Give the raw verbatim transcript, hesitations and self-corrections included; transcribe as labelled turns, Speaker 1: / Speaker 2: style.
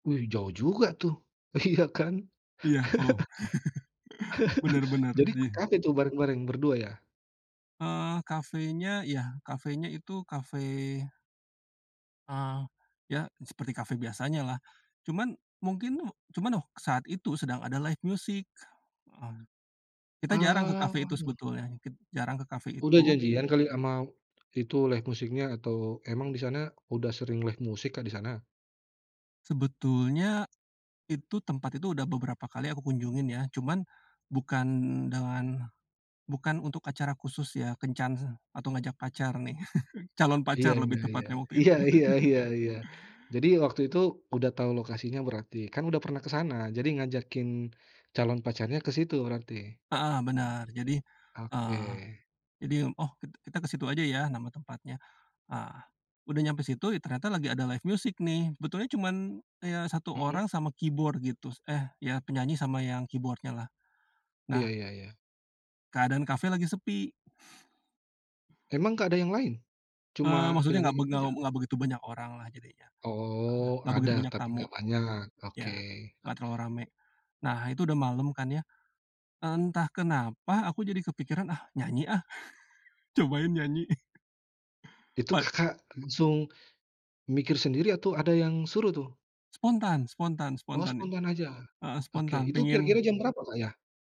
Speaker 1: Wih, jauh juga tuh, iya kan.
Speaker 2: Iya Koh, benar-benar
Speaker 1: Jadi
Speaker 2: di
Speaker 1: ke kafe tuh bareng-bareng berdua ya?
Speaker 2: Eee, kafenya ya kafenya itu kafe eee, ya seperti kafe biasanya lah cuman mungkin cuman oh saat itu sedang ada live music, mmm. Kita jarang ke kafe itu
Speaker 1: Oh.
Speaker 2: sebetulnya, kit jarang ke cafe
Speaker 1: Udah
Speaker 2: itu.
Speaker 1: janjian kali sama itu, live music-nya? Atau emang di sana udah sering live music Kak di sana?
Speaker 2: Sebetulnya, itu tempat itu udah beberapa kali aku kunjungin ya, cuman bukan dengan bukan untuk acara khusus ya, kencan atau ngajak pacar nih, calon
Speaker 1: Iya
Speaker 2: pacar
Speaker 1: iya
Speaker 2: lebih
Speaker 1: iya.
Speaker 2: tepatnya waktu
Speaker 1: Iya
Speaker 2: itu.
Speaker 1: iya iya iya. Jadi waktu itu udah tahu lokasinya berarti, kan udah pernah ke sana jadi ngajakin calon pacarnya ke situ berarti?
Speaker 2: Heeh, benar, jadi, eee,
Speaker 1: Oke.
Speaker 2: jadi oh kit kita ke situ aja ya nama tempatnya. Nah, udah nyampe situ ih ternyata lagi ada live music nih, sebetulnya cuman ya satu
Speaker 1: Mhm.
Speaker 2: orang sama keyboard gitu, eh ya penyanyi sama yang keyboard-nya lah,
Speaker 1: Iya
Speaker 2: nah
Speaker 1: iya iya.
Speaker 2: keadaan kafe lagi sepi.
Speaker 1: Emang nggak ada yang lain?
Speaker 2: Eee,
Speaker 1: Cuma
Speaker 2: maksudnya nggak
Speaker 1: penyanyi
Speaker 2: beg
Speaker 1: itu
Speaker 2: nggak
Speaker 1: aja?
Speaker 2: nggak begitu banyak orang lah jadinya, heeh,
Speaker 1: Oh
Speaker 2: nggak
Speaker 1: ada
Speaker 2: begitu banyak
Speaker 1: tapi
Speaker 2: tamu.
Speaker 1: nggak banyak, oke.
Speaker 2: Iya, nggak terlalu rame. Nah itu udah malem kan ya, entah kenapa aku jadi kepikiran, "Ah nyanyi ah, cobain nyanyi."
Speaker 1: Itu
Speaker 2: Pad
Speaker 1: Kakak langsung mikir sendiri atau ada yang suruh tuh?
Speaker 2: Spontan spontan
Speaker 1: Oh
Speaker 2: spontan,
Speaker 1: spontan aja,
Speaker 2: heeh,
Speaker 1: oke.
Speaker 2: spontan
Speaker 1: Itu kira-kira
Speaker 2: pengen
Speaker 1: jam berapa Kak ya?